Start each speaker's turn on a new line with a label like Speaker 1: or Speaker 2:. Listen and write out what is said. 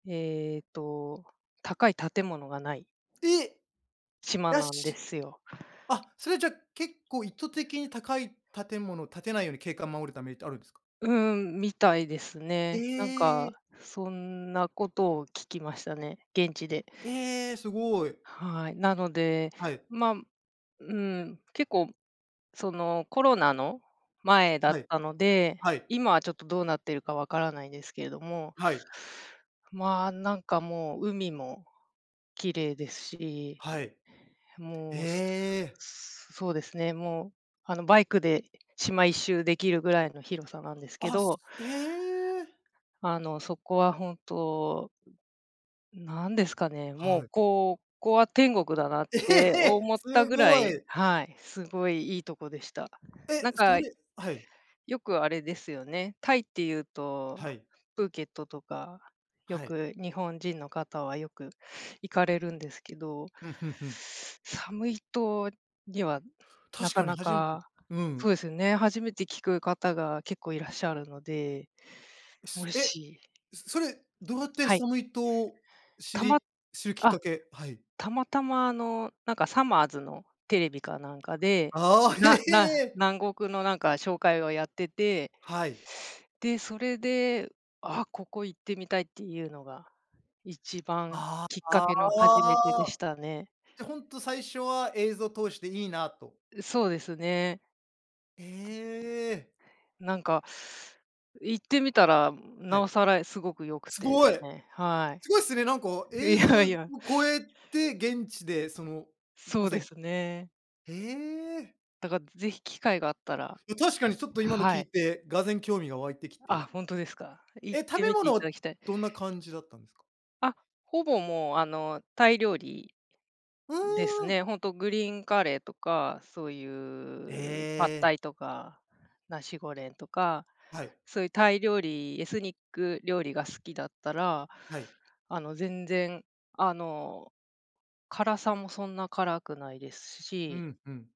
Speaker 1: ええと、高い建物が無い。
Speaker 2: え。
Speaker 1: 島
Speaker 2: や
Speaker 1: なんで
Speaker 2: し
Speaker 1: すよ。
Speaker 2: あ、それは、じゃ、結構意図的に高い建物を建てないように、景観を守るためにってあるんですか？
Speaker 1: うん、みたいですね。なん
Speaker 2: ええ。
Speaker 1: か、そんなことを聞きましたね、現地で。
Speaker 2: ええ、すごい。
Speaker 1: はい。なので、
Speaker 2: はい。
Speaker 1: ま、うん、結構そのコロナの前だ
Speaker 2: は
Speaker 1: っ
Speaker 2: い。
Speaker 1: たので、
Speaker 2: はい。
Speaker 1: 今はちょっとどうなってるかわからないですけれども。
Speaker 2: はい。
Speaker 1: まあ、なんか、もう、海も綺麗ですし。
Speaker 2: はい。え
Speaker 1: もう、
Speaker 2: え。
Speaker 1: そうですね、もう、あの、バイクで島一周できるぐらいの広さなんですけ
Speaker 2: あ、す
Speaker 1: ど。
Speaker 2: ええ。
Speaker 1: あの、そこは本当何ですかね、も
Speaker 2: は
Speaker 1: う、
Speaker 2: い。
Speaker 1: ここは天国だなっ
Speaker 2: え
Speaker 1: て
Speaker 2: え、
Speaker 1: 思った
Speaker 2: す
Speaker 1: ぐら
Speaker 2: ご
Speaker 1: い
Speaker 2: い。
Speaker 1: はい、すごい良いとこでした。な
Speaker 2: え、
Speaker 1: ん
Speaker 2: そ
Speaker 1: か
Speaker 2: れはい。
Speaker 1: よくあれですよね。タイっていうと、
Speaker 2: はい。
Speaker 1: プーケットとか、よ
Speaker 2: はい。
Speaker 1: く日本人の方はよく行かれるんですけど
Speaker 2: うん、ふんふん。
Speaker 1: サムイ島にはな
Speaker 2: 確
Speaker 1: か
Speaker 2: かに
Speaker 1: な
Speaker 2: 初めて。
Speaker 1: か
Speaker 2: う
Speaker 1: そう
Speaker 2: ん。
Speaker 1: ですよね、初めて聞く方が結構いらっしゃるので、も
Speaker 2: すえ、
Speaker 1: し
Speaker 2: そそれ、どうやって
Speaker 1: はい。
Speaker 2: サムイ島、知
Speaker 1: たま
Speaker 2: り知るきっか
Speaker 1: あ、
Speaker 2: けはい。
Speaker 1: たまたま、あの、なんか、さまぁ〜ずのテレビかなんかで、
Speaker 2: ああ。へ
Speaker 1: な
Speaker 2: へ
Speaker 1: な
Speaker 2: え。
Speaker 1: 南国の、なんか、紹介をやってて。
Speaker 2: はい。
Speaker 1: で、それで、あ、ここ行ってみたいっていうのが、一番
Speaker 2: あ
Speaker 1: きっ
Speaker 2: あ、
Speaker 1: か
Speaker 2: あ
Speaker 1: けの初めてでし
Speaker 2: あ。
Speaker 1: たね。
Speaker 2: じゃ、ほんと最初は映像通して、いいなと。
Speaker 1: う、そうですね。
Speaker 2: ええ。
Speaker 1: なんか、う、行ってみたら、ん、
Speaker 2: は
Speaker 1: 尚
Speaker 2: い。
Speaker 1: 更、え、すごく良く
Speaker 2: す
Speaker 1: てです
Speaker 2: ごい。
Speaker 1: ね。は
Speaker 2: すごいっすね、なんか、
Speaker 1: い。い
Speaker 2: 映像
Speaker 1: や
Speaker 2: を
Speaker 1: いや。
Speaker 2: 超えて、現地で、その、う、
Speaker 1: そ
Speaker 2: ま
Speaker 1: う
Speaker 2: さ
Speaker 1: で
Speaker 2: に
Speaker 1: すね。
Speaker 2: へえ。
Speaker 1: だか、ぜひ機会があったら、
Speaker 2: や、確かにちょっと今の
Speaker 1: は
Speaker 2: 聞い
Speaker 1: い。
Speaker 2: て、俄然興味が湧いてきて。
Speaker 1: あ、ほんとですか。行
Speaker 2: え、
Speaker 1: っ
Speaker 2: 食
Speaker 1: て
Speaker 2: べ
Speaker 1: みていた
Speaker 2: 物、
Speaker 1: だきたい。
Speaker 2: どんな感じだったんですか。
Speaker 1: あ、ほぼ、もう、あの、タイ料理
Speaker 2: う
Speaker 1: です
Speaker 2: ーん。
Speaker 1: ね。ほんとグリーンカレーとか、そうい
Speaker 2: え
Speaker 1: うパッタ
Speaker 2: え。
Speaker 1: イとか、ナシゴレンとか、
Speaker 2: はい。
Speaker 1: そういうタイ料理、エスニック料理が好きだったら、
Speaker 2: はい。
Speaker 1: あの、全然、あの、辛さもそんな辛くないです
Speaker 2: ふ
Speaker 1: し。
Speaker 2: んふん。